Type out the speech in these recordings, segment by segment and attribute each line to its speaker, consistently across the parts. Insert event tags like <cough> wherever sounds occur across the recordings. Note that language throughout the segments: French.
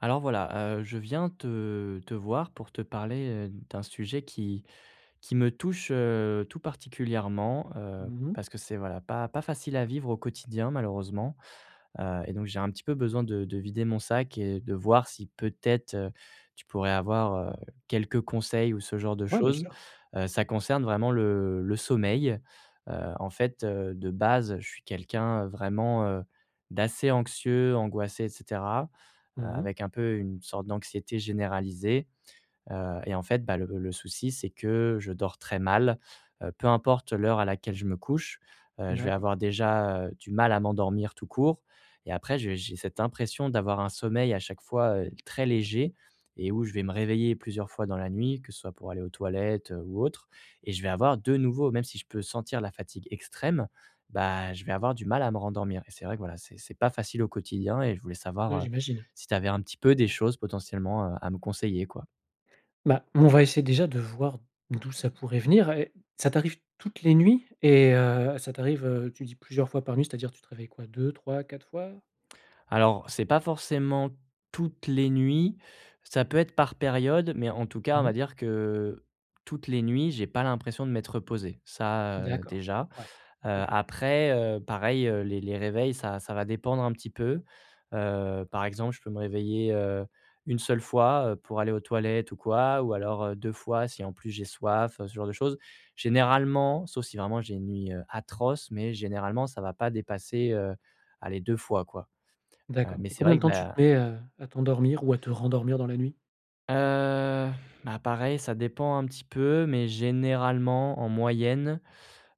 Speaker 1: Alors voilà, heu, je viens te te voir pour te parler, heu, d'un sujet qui qui me touche, heu, tout particulièrement, heu,
Speaker 2: Mmh mh.
Speaker 1: parce que c'est, voilà, pas pas facile à vivre au quotidien malheureusement. Heu et donc j'ai un petit peu besoin de de vider mon sac et de voir si peut-être, heu, tu pourrais avoir, heu, quelques conseils ou ce genre de
Speaker 2: Ouais, bien
Speaker 1: chose.
Speaker 2: sûr.
Speaker 1: Heu, ça concerne vraiment le le sommeil. Heu, en fait, heu, de base je suis quelqu'un vraiment, heu, d'assez anxieux, angoissé et cetera. Heu,
Speaker 2: Mmh mh.
Speaker 1: avec un peu, une sorte d'anxiété généralisée. Heu et en fait, bah, le le souci c'est que je dors très mal, heu, peu importe l'heure à laquelle je me couche, heu, je vais
Speaker 2: D'acco
Speaker 1: avoir déjà, heu, du mal à m'endormir tout court et après j'ai j'ai cette impression d'avoir un sommeil à chaque fois, heu, très léger et où je vais me réveiller plusieurs fois dans la nuit, que ce soit pour aller aux toilettes, heu, ou autre et je vais avoir de nouveau même si je peux sentir la fatigue extrême, bah, je vais avoir du mal à me rendormir et c'est vrai que voilà, c'est c'est pas facile au quotidien et je voulais savoir,
Speaker 2: Ouais,
Speaker 1: heu,
Speaker 2: j'imagine.
Speaker 1: si tu avais un petit peu des choses potentiellement, heu, à me conseiller quoi.
Speaker 2: Bah, m on va essayer déjà, de voir, d'où ça pourrait venir et ça t'arrive, toutes les nuits et heu, ça t'arrive, heu, tu dis plusieurs fois par nuit, c'est-à-dire tu te réveilles quoi, 2-3-4 fois?
Speaker 1: Alors, c'est pas forcément, toutes les nuits, ça peut être par période, mais en tout cas, on
Speaker 2: Mmh
Speaker 1: va
Speaker 2: mh.
Speaker 1: dire que, toutes les nuits, j'ai pas l'impression de m'être reposé, ça, heu,
Speaker 2: D'accord.
Speaker 1: déjà.
Speaker 2: Ouais.
Speaker 1: Heu,
Speaker 2: OK.
Speaker 1: après, heu, pareil, heu, les les réveils ça ça va dépendre un petit peu. Heu, par exemple, je peux me réveiller, heu, 1 seule fois, heu, pour aller aux toilettes ou quoi, ou alors, heu, 2 fois, si en plus j'ai soif, heu, ce genre de choses. Généralement, sauf si vraiment j'ai une nuit, heu, atroce, mais généralement ça va pas dépasser, heu, allez 2 fois, quoi. Heu,
Speaker 2: D'accord
Speaker 1: mais
Speaker 2: et
Speaker 1: c'est
Speaker 2: combien
Speaker 1: vrai
Speaker 2: de
Speaker 1: que,
Speaker 2: temps tu
Speaker 1: ben
Speaker 2: te mets à à t'endormir ou à te rendormir dans la nuit?
Speaker 1: Heu, bah, pareil, ça dépend un petit peu, mais généralement en moyenne,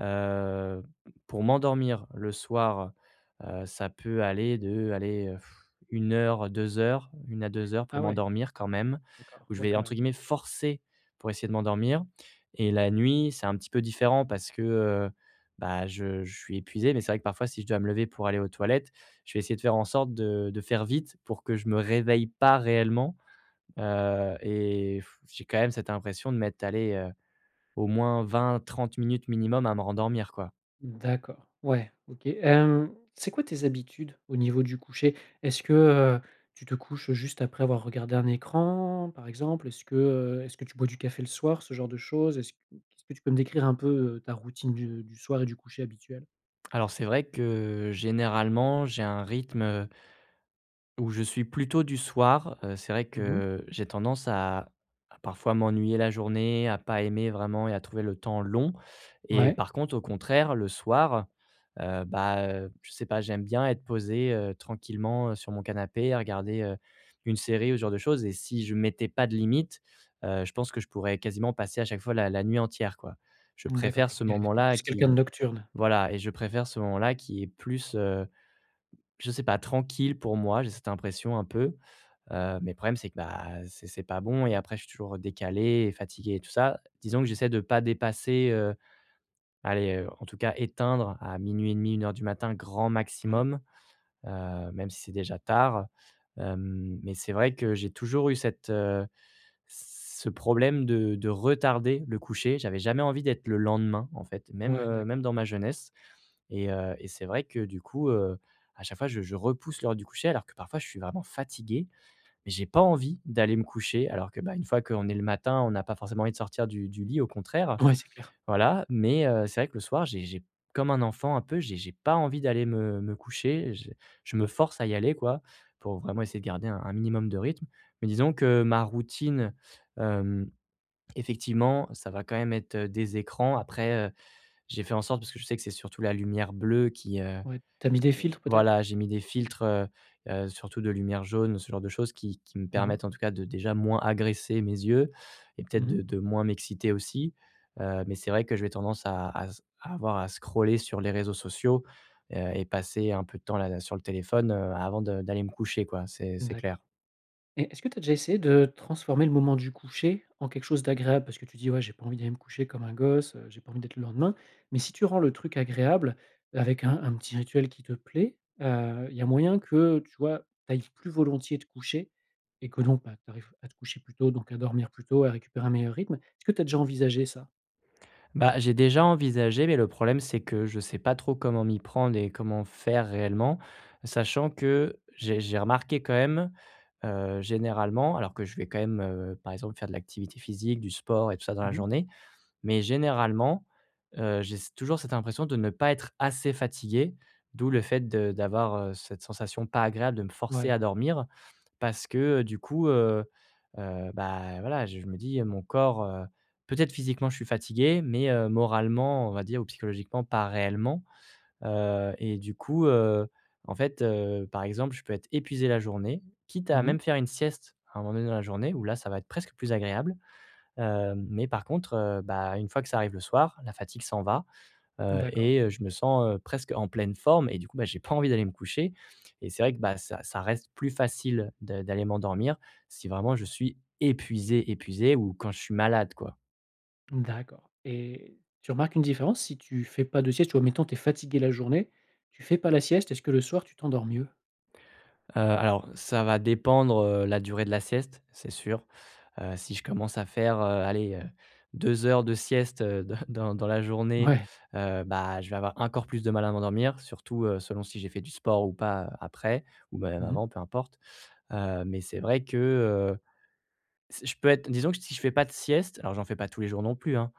Speaker 1: heu, p pour m'endormir le soir, heu, ça peut aller de, allez heu, <blows air> 1 heure, 2 heures, 1 à 2 heures pour
Speaker 2: Ah, ouais.
Speaker 1: m'endormir quand même,
Speaker 2: D'accord.
Speaker 1: où je
Speaker 2: Ouais,
Speaker 1: vais
Speaker 2: quand
Speaker 1: entre
Speaker 2: même.
Speaker 1: guillemets, «forcer» pour essayer de m'endormir et la nuit, c'est un petit peu différent parce que, heu, bah, je je suis épuisé, mais c'est vrai que parfois si je dois me lever pour aller aux toilettes, je vais essayer de faire en sorte de de faire vite pour que, je me réveille pas réellement, heu et <blows air> j'ai quand même cette impression de mettre, allez, heu, au moins 20-30 minutes minimum à me rendormir, quoi.
Speaker 2: D'accord, ouais, OK. Hem, c'est quoi tes habitudes, au niveau du coucher? Est-ce que, heu, tu te couches juste après avoir regardé un écran par exemple? Est-ce que heu, est-ce que tu bois du café le soir, ce genre de chose? Est-ce est-ce que tu peux me décrire un peu, heu, ta routine du du soir et du coucher habituel?
Speaker 1: Alors, c'est vrai que généralement j'ai un rythme, heu où je suis plutôt du soir, heu, c'est vrai
Speaker 2: Mmh mh.
Speaker 1: que j'ai tendance à à parfois m'ennuyer la journée, à pas aimer vraiment et à trouver le temps long et
Speaker 2: Ouais.
Speaker 1: par contre au contraire le soir, heu, bah, heu, je sais pas, j'aime bien être posé, heu, tranquillement, heu, sur mon canapé, à regarder, heu, une série ou ce genre de choses et si je mettais pas de limite, heu, je pense que je pourrais quasiment passer à chaque fois la la nuit entière quoi. Je
Speaker 2: Mmh, d'accord,
Speaker 1: préfère
Speaker 2: tu es
Speaker 1: ce
Speaker 2: quelqu'un q tu es
Speaker 1: moment-là
Speaker 2: plus quelqu'un de
Speaker 1: qui
Speaker 2: nocturne.
Speaker 1: voilà et je préfère ce moment-là qui est plus, heu, je sais pas, tranquille pour moi. J'ai cette impression un peu. Heu, mais le problème c'est que, bah, c'est c'est pas bon et après je suis toujours, heu, décalé et fatigué et tout ça, disons que j'essaie de pas dépasser, heu, aller, heu, en tout cas éteindre à 00:30, 01:00 du matin, grand
Speaker 2: Ouais.
Speaker 1: maximum. Heu, même si c'est déjà tard, hem, mais c'est vrai que j'ai toujours eu cette heu, ce problème de de retarder le coucher. J'avais jamais envie d'être le lendemain en fait, même,
Speaker 2: Ouais,
Speaker 1: heu, même
Speaker 2: d'accord.
Speaker 1: dans ma jeunesse et heu et c'est vrai que du coup, heu, à chaque fois je je repousse l'heure du coucher alors que parfois je suis vraiment fatigué mais j'ai pas envie d'aller me coucher alors que, bah, une fois qu'on est le matin, on n'a pas forcément envie de sortir du du lit au contraire.
Speaker 2: Ouais, c'est clair.
Speaker 1: Voilà, mais, heu, c'est vrai que le soir, j'ai j'ai comme un enfant un peu, j'ai j'ai pas envie d'aller me me coucher, je je me force à y aller quoi, pour vraiment essayer de garder un un minimum de rythme. Mais disons que ma routine, hem, effectivement, ça va quand même être, heu, des écrans. Après, heu, j'ai fait en sorte, parce que je sais que c'est surtout la lumière bleue qui, heu,
Speaker 2: Ouais, tu as mis des
Speaker 1: qui
Speaker 2: filtres peut-être?
Speaker 1: voilà, j'ai mis des filtres, heu heu, surtout de lumière jaune, ce genre de choses qui qui me
Speaker 2: Mmh mh.
Speaker 1: permettent en tout cas de déjà moins agresser mes yeux et peut-être
Speaker 2: Mmh mh.
Speaker 1: de de moins m'exciter aussi. Heu, mais c'est vrai que je vais tendance à s à avoir à scroller sur les réseaux sociaux, heu et passer un peu de temps là là, sur le téléphone, heu, avant de d'aller me coucher quoi, c'est c'est clair.
Speaker 2: D'accord et est-ce que tu as déjà essayé de transformer le moment du coucher en quelque chose d'agréable? Parce que tu dis: «Ouais j'ai pas envie d'aller me coucher comme un gosse, heu, j'ai pas envie d'être le lendemain». Mais si tu rends le truc agréable avec un un petit rituel qui te plaît, heu, il y a moyen que, tu vois? Tu ailles plus volontiers te coucher et que, donc, bah, tu arrives à te coucher plus tôt, donc à dormir plus tôt, à récupérer un meilleur rythme. Est-ce que tu as déjà envisagé ça?
Speaker 1: Bah, j'ai déjà envisagé mais le problème c'est que je sais pas trop comment m'y prendre et comment faire réellement. Sachant que j'ai j'ai remarqué quand même, heu, généralement alors que je vais quand même, heu, par exemple faire de l'activité physique du sport et tout ça dans la
Speaker 2: Mmh mh.
Speaker 1: journée, mais généralement, heu, j'ai s toujours cette impression de ne pas être assez fatigué, d'où le fait de d'avoir, heu, cette sensation pas agréable de me forcer
Speaker 2: Ouais.
Speaker 1: à dormir. Parce que, heu, du coup, heu, heu, bah, voilà, je me dis, heu, mon corps, heu. Peut-être physiquement je suis fatigué, mais, heu, moralement, on va dire ou psychologiquement pas réellement. Heu et du coup, heu, en fait, heu, par exemple je peux être épuisé la journée, quitte à
Speaker 2: Mmh mh.
Speaker 1: même faire une sieste à un moment donné dans la journée où là ça va être presque plus agréable. Heu, mais par contre, heu, bah, une fois que ça arrive le soir, la fatigue s'en va, heu
Speaker 2: D'accord.
Speaker 1: et heu, je me sens, heu, presque en pleine forme et du coup, bah, j'ai pas envie d'aller me coucher et c'est vrai que, bah, ça ça reste plus facile de d'aller m'endormir si vraiment je suis épuisé, épuisé ou quand je suis malade quoi.
Speaker 2: D'accord et tu remarques une différence si tu fais pas de sieste ou admettons tu es fatigué la journée, tu fais pas la sieste, est-ce que le soir tu t'endors mieux?
Speaker 1: Heu, alors, ça va dépendre, heu, la durée de la sieste, c'est sûr. Heu, si je commence à faire, heu, allez, heu, 2 heures de sieste, heu, de dans dans la journée,
Speaker 2: Mouais.
Speaker 1: heu, bah, je vais avoir encore plus de mal à m'endormir, surtout, heu, selon si j'ai fait du sport ou pas, heu, après ou même
Speaker 2: Mmh mh.
Speaker 1: avant, peu importe. Heu, mais c'est vrai que, heu, c'est je peux être, disons que t si je fais pas de sieste, alors j'en fais pas tous les jours non plus, hein.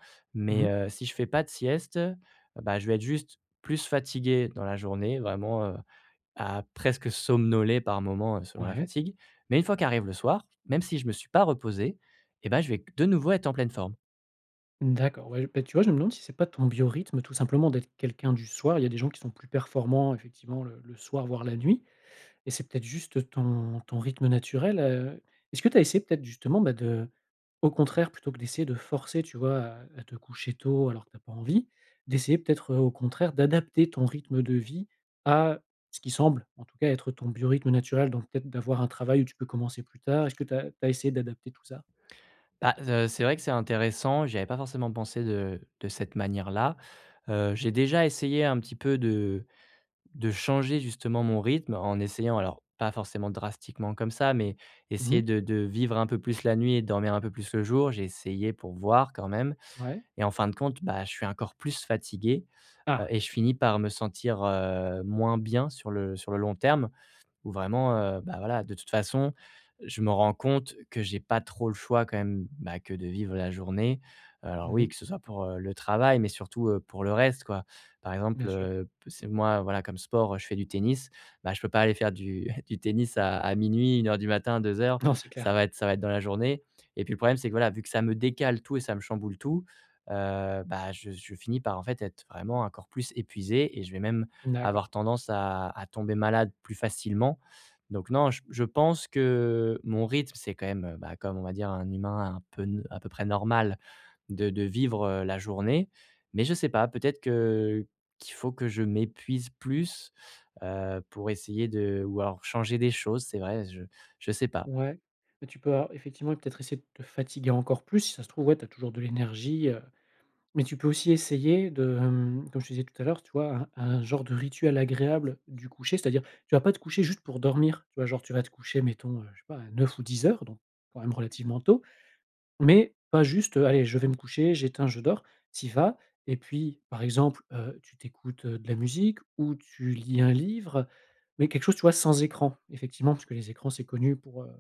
Speaker 2: Mmh
Speaker 1: Mais,
Speaker 2: mh.
Speaker 1: heu, si je fais pas de sieste, heu, bah, je vais être juste plus fatigué dans la journée, vraiment, heu, à presque somnoler par moments, heu, selon la
Speaker 2: Ouais.
Speaker 1: fatigue. Mais une fois qu'arrive le soir, même si je me suis pas reposé, eh bah, je vais q de nouveau être en pleine forme.
Speaker 2: D'accord, ouais, j bah, tu vois, je me demande si c'est pas ton biorythme, tout simplement, d'être quelqu'un du soir. Il y a des gens qui sont plus performants, effectivement, le le soir, voire la nuit et c'est peut-être juste ton ton rythme naturel. Heu, est-ce que tu as essayé peut-être, justement, bah de au contraire, plutôt que d'essayer de forcer, tu vois, à à te coucher tôt alors que tu as pas envie, d'essayer peut-être, heu, au contraire, d'adapter ton rythme de vie à ce qui semble, en tout cas, être ton biorythme naturel? Donc peut-être d'avoir un travail où tu peux commencer plus tard. Est-ce que tu as tu as essayé d'adapter tout ça?
Speaker 1: Bah z heu, c'est vrai que c'est intéressant, j'y avais pas forcément pensé de de cette manière là, heu. J'ai déjà essayé un petit peu de de changer, justement, mon rythme en essayant, alors pas forcément drastiquement comme ça, mais
Speaker 2: Mmh
Speaker 1: essayer
Speaker 2: mh.
Speaker 1: de de vivre un peu plus la nuit et dormir un peu plus le jour. J'ai essayé, pour voir, quand même
Speaker 2: Ouais.
Speaker 1: et en fin de compte, bah, je suis encore plus fatigué. Heu
Speaker 2: Ah,
Speaker 1: et je
Speaker 2: d'accord.
Speaker 1: finis par me sentir, heu, moins bien sur le sur le long terme, ou vraiment, heu, bah, voilà, de toute façon, heu, je me rends compte que j'ai pas trop le choix quand même. Bah, que de vivre la journée. Alors
Speaker 2: Mmh
Speaker 1: oui,
Speaker 2: mh.
Speaker 1: que ce soit pour, heu, le travail, mais surtout, heu, pour le reste, quoi. Par
Speaker 2: Bien
Speaker 1: exemple,
Speaker 2: sûr.
Speaker 1: heu, p c'est moi, voilà, comme sport, heu, je fais du tennis. Bah, je peux pas aller faire du du tennis à à 00:00, 01:00 heure du matin, 2 heures,
Speaker 2: Non, c'est
Speaker 1: ça
Speaker 2: clair.
Speaker 1: va être ça va être dans la journée et puis le problème, c'est que, voilà, vu que ça me décale tout et ça me chamboule tout, heu, bah je je finis par, en fait, être vraiment encore plus épuisé et je vais même avoir
Speaker 2: D'accord.
Speaker 1: tendance à à tomber malade plus facilement. Donc non, j je pense que mon rythme, c'est quand même, heu, bah, comme on va dire un humain un peu n à peu près normal, de de vivre, heu, la journée. Mais je sais pas, peut-être que qu'il faut que je m'épuise plus, heu, pour essayer de ou alors changer des choses, c'est vrai, je je sais pas.
Speaker 2: Ouais, bah, tu peux alors, effectivement, peut-être essayer de te fatiguer encore plus, si ça se trouve. Ouais, tu as toujours de l'énergie, heu, mais tu peux aussi essayer de, hem, comme je te disais tout à l'heure, tu vois, un un genre de rituel agréable du coucher. C'est-à-dire, tu vas pas te coucher juste pour dormir, tu vois? Genre, tu vas te coucher, mettons, heu, je sais pas, à 21:00 ou 22:00 heures, donc, quand même relativement tôt, mais pas juste, heu: «Allez, je vais me coucher, j'éteins, je dors». Tu y vas et puis, par exemple, heu, tu tu écoutes, heu, de la musique ou tu lis un livre. Mais quelque chose, tu vois sans écran. Effectivement, parce que les écrans, c'est connu pour, heu,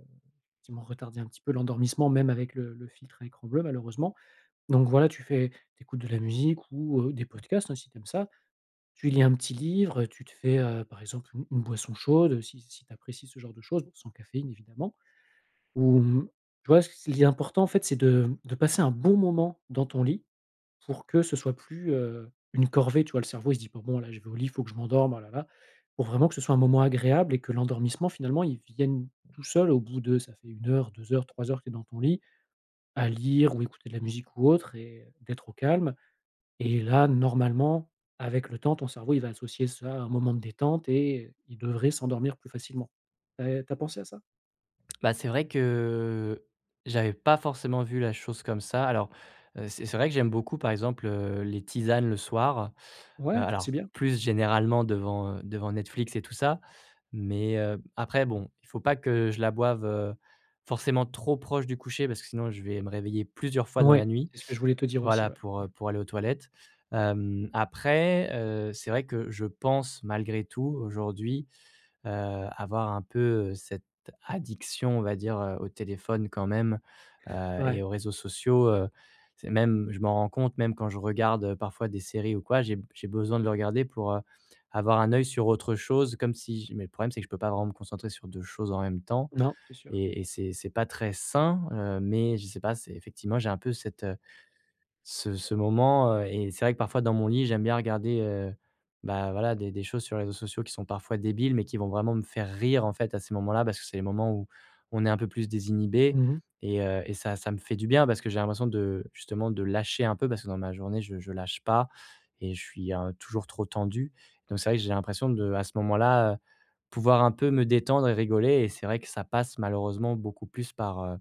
Speaker 2: effectivement, retarder un petit peu l'endormissement, même avec le le filtre à écran bleu, malheureusement. Donc voilà, tu fais tu écoutes de la musique ou heu, des podcasts, hein, si tu aimes ça. Tu lis un petit livre et tu te fais, heu, par exemple, une une boisson chaude si si tu apprécies ce genre de chose, bon sans caféine, évidemment. Ou mmh, tu vois, ce il est important, en fait, c'est de mmh, de passer un bon moment dans ton lit pour que ce soit plus, heu, une corvée, tu vois. Le cerveau, il se dit pas: «Bon, là, je vais au lit, il faut que je m'endorme, ah là, là». Il faut vraiment que ce soit un moment agréable et que l'endormissement, finalement, il vienne tout seul au bout de ça fait 1 heure, 2 heures, 3 heures que tu es dans ton lit à lire ou écouter de la musique, ou autre et d'être au calme et là, normalement, avec le temps, ton cerveau, il va associer ça à un moment de détente et heu, il devrait s'endormir plus facilement. Heu, tu as pensé à ça?
Speaker 1: Bah c'est vrai que j'avais pas forcément vu la chose comme ça alors, heu, c'est c'est vrai que j'aime beaucoup, par exemple, heu, les tisanes le soir. Heu,
Speaker 2: Ouais, ça
Speaker 1: alors
Speaker 2: c'est bien.
Speaker 1: plus généralement devant, heu, devant Netflix et tout ça. Mais, hem, après bon, il faut pas que je la boive, heu, forcément trop proche du coucher parce que sinon je vais me réveiller plusieurs fois dans la
Speaker 2: Mouais,
Speaker 1: nuit
Speaker 2: c'est ce que je voulais te dire aussi,
Speaker 1: voilà
Speaker 2: ouais.
Speaker 1: pour, heu,
Speaker 2: <unintelligible>
Speaker 1: pour aller aux toilettes. Hem, après, heu, c'est vrai que je pense malgré tout aujourd'hui, heu, avoir un peu, heu, cette addiction on va dire, heu, au téléphone quand même, heu et
Speaker 2: Ouais.
Speaker 1: aux réseaux sociaux, heu, c'est même, je m'en rends compte même quand je regarde parfois des séries ou quoi, j'ai b j'ai besoin de le regarder pour, heu, avoir un oeil sur autre chose comme si j mais le problème, c'est que je peux pas vraiment me concentrer sur 2 choses en même temps
Speaker 2: Non, c'est sûr.
Speaker 1: et et c'est c'est pas très sain, heu, mais je sais pas, c'est effectivement j'ai un peu cette, heu, ce ce moment, heu et c'est vrai que parfois dans mon lit, j'aime bien regarder, heu, bah, voilà des des choses sur les réseaux sociaux qui sont parfois débiles mais qui vont vraiment me faire rire en fait à ces moments-là parce que c'est le moment où on est un peu plus désinhibé
Speaker 2: Mmh mh.
Speaker 1: et heu, et ça ça me fait du bien parce que j'ai l'impression de justement, de lâcher un peu parce que dans ma journée, je je lâche pas et je suis un, heu, toujours trop tendu. Donc c'est vrai que j'ai l'impression de à ce moment-là, heu, pouvoir un peu me détendre et rigoler et c'est vrai que ça passe malheureusement beaucoup plus par, heu,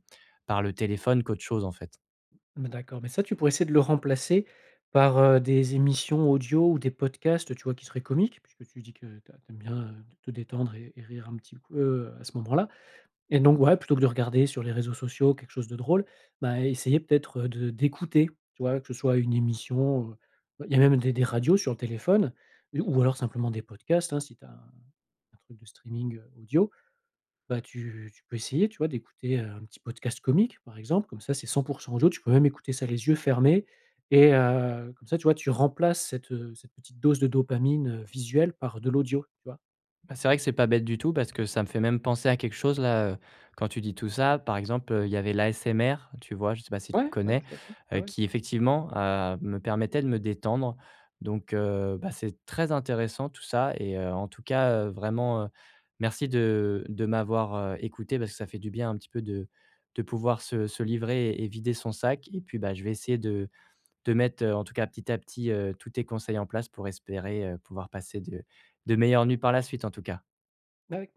Speaker 1: par le téléphone qu'autre chose, en fait.
Speaker 2: Mmh d'accord, mais ça tu pourrais essayer de le remplacer par, heu, des émissions audio ou des podcasts, tu vois? Qui seraient comiques puisque tu dis que tu as tu aimes bien, heu, te détendre et et rire un petit coup, heu, à ce moment-là et donc ouais, plutôt que de regarder sur les réseaux sociaux quelque chose de drôle, bah, essayer peut-être de d'écouter, tu vois? Que ce soit une émission, heu. Il y a même des des radios sur le téléphone ou ou alors simplement des podcasts, hein, si tu as un un truc de streaming, heu, audio. Bah, tu tu peux essayer tu vois d'écouter, heu, un petit podcast comique, par exemple, comme ça, c'est 100 % audio, tu peux même écouter ça les yeux fermés et heu, comme ça tu vois, tu remplaces cette, heu, cette petite dose de dopamine, heu, visuelle par de l'audio, tu vois?
Speaker 1: Ben, c'est vrai que c'est pas bête du tout parce que ça me fait même penser à quelque chose là, heu, quand tu dis tout ça. Par exemple, heu, il y avait l'ASMR, tu vois? Je sais pas si tu
Speaker 2: Ouais, ouais,
Speaker 1: connais,
Speaker 2: tout à fait,
Speaker 1: heu,
Speaker 2: ouais, ouais.
Speaker 1: qui effectivement, heu, me permettait de me détendre. Donc, heu, bah, c'est très intéressant tout ça et heu, en tout cas, heu, vraiment, heu, merci de de m'avoir, heu, écouté parce que ça fait du bien un petit peu de de pouvoir se se livrer et vider son sac et puis, bah, je vais essayer de de mettre, heu, en tout cas petit à petit, heu, tous tes conseils en place pour espérer, heu, pouvoir passer de de meilleures nuits par la suite en tout cas.
Speaker 2: Bah, avec plais